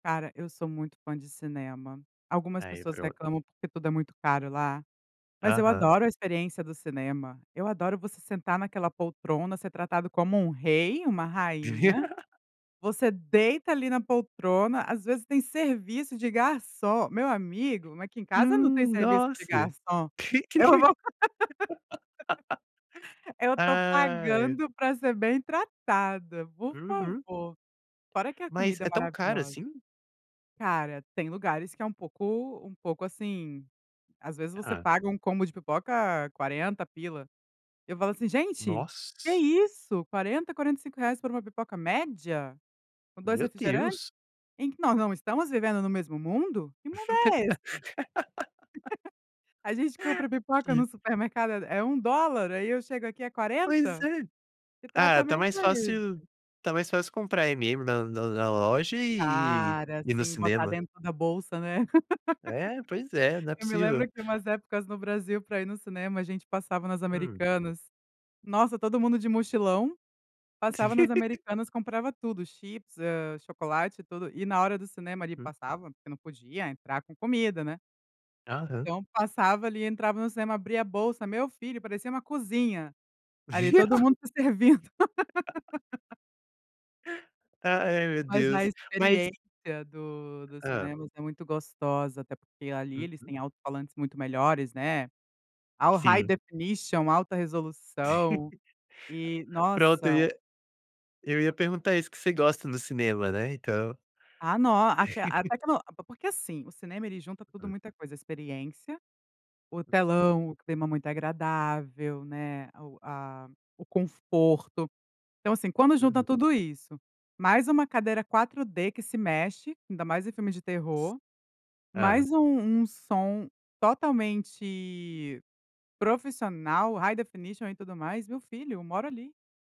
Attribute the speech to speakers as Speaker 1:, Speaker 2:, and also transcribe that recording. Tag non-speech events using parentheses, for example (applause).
Speaker 1: Cara, eu sou muito fã de cinema. Algumas
Speaker 2: Aí,
Speaker 1: pessoas
Speaker 2: pronto.
Speaker 1: reclamam, porque tudo é muito caro lá. Mas eu
Speaker 2: Aham.
Speaker 1: adoro a experiência do cinema. Eu adoro você sentar naquela poltrona, ser tratado como um rei, uma rainha.
Speaker 2: (laughs)
Speaker 1: Você deita ali na poltrona, às vezes tem serviço de garçom. Meu amigo, aqui em casa não tem
Speaker 2: Hum,
Speaker 1: serviço de
Speaker 2: nossa.
Speaker 1: garçom, eu
Speaker 2: (laughs)
Speaker 1: vou (laughs) eu tô
Speaker 2: Ah, é.
Speaker 1: pagando p ra ser bem tratada, por
Speaker 2: Uhum.
Speaker 1: favor. Fora que a
Speaker 2: Mas,
Speaker 1: comida é
Speaker 2: é tão caro
Speaker 1: maravilhosa.
Speaker 2: assim?
Speaker 1: Cara, tem lugares que é um pouco um pouco, assim às vezes você
Speaker 2: Hã.
Speaker 1: paga um combo de pipoca R$40 pila. Eu falo assim: "Gente,
Speaker 2: Nossa s
Speaker 1: que
Speaker 2: s
Speaker 1: isso, R$40, R$45, por uma pipoca média, com 2
Speaker 2: Meu
Speaker 1: refrigerante?
Speaker 2: Deus.
Speaker 1: Em que nós não estamos vivendo no mesmo mundo. Que mundo é esse? (laughs)
Speaker 2: (laughs)
Speaker 1: A gente compra pipoca
Speaker 2: Que
Speaker 1: no supermercado é é $1, aí eu chego aqui é
Speaker 2: Pois
Speaker 1: R$40?
Speaker 2: é.
Speaker 1: Que
Speaker 2: Ah, tá
Speaker 1: tratamento
Speaker 2: mais
Speaker 1: é
Speaker 2: fácil
Speaker 1: esse?"
Speaker 2: tá mais fácil comprar M&M's na na na loja e ir
Speaker 1: Cara,
Speaker 2: ir no
Speaker 1: sim, botar
Speaker 2: cinema.
Speaker 1: dentro da bolsa, né.
Speaker 2: É, pois é,
Speaker 1: (chuckles)
Speaker 2: não é
Speaker 1: Eu me lembro
Speaker 2: possível.
Speaker 1: que umas épocas no Brasil pra ir no cinema, a gente passava nas
Speaker 2: Hum.
Speaker 1: Americanas, nossa, todo mundo de mochilão, passava nas
Speaker 2: (laughs)
Speaker 1: Americanas comprava tudo, chips, eh, chocolate, tudo, e na hora do cinema ali
Speaker 2: Hum.
Speaker 1: passava, porque não podia entrar com comida, né
Speaker 2: Aham.
Speaker 1: Então passava ali, entrava no cinema, abria a bolsa, meu filho, parecia uma cozinha, ali, todo
Speaker 2: (laughs)
Speaker 1: mundo se servindo. (laughs)
Speaker 2: (laughs) Ah, é, meu
Speaker 1: Mas a
Speaker 2: Deus, mas
Speaker 1: experiência do do
Speaker 2: Hã.
Speaker 1: cinema é muito gostosa, até porque ali eles
Speaker 2: Uhum.
Speaker 1: têm alto-falantes muito melhores, né, all high
Speaker 2: Sim.
Speaker 1: definition, alta
Speaker 2: Sim. (laughs)
Speaker 1: resolução e,
Speaker 2: Pronto eu
Speaker 1: nossa
Speaker 2: ia eu ia perguntar isso: o que você gosta do cinema? Né, então
Speaker 1: Ah, no aqui
Speaker 2: (laughs)
Speaker 1: até que eu no p p porque, assim, o cinema ele junta tudo
Speaker 2: Hum.
Speaker 1: muita coisa: experiência, o telão, o clima muito agradável, né, o a o conforto. Então, assim, quando junta
Speaker 2: Uhum.
Speaker 1: tudo isso, mais uma cadeira 4D que se mexe, ainda mais em filmes de terror,
Speaker 2: Hã.
Speaker 1: mais um um som totalmente profissional, high definition, e tudo mais, meu filho, moro ali.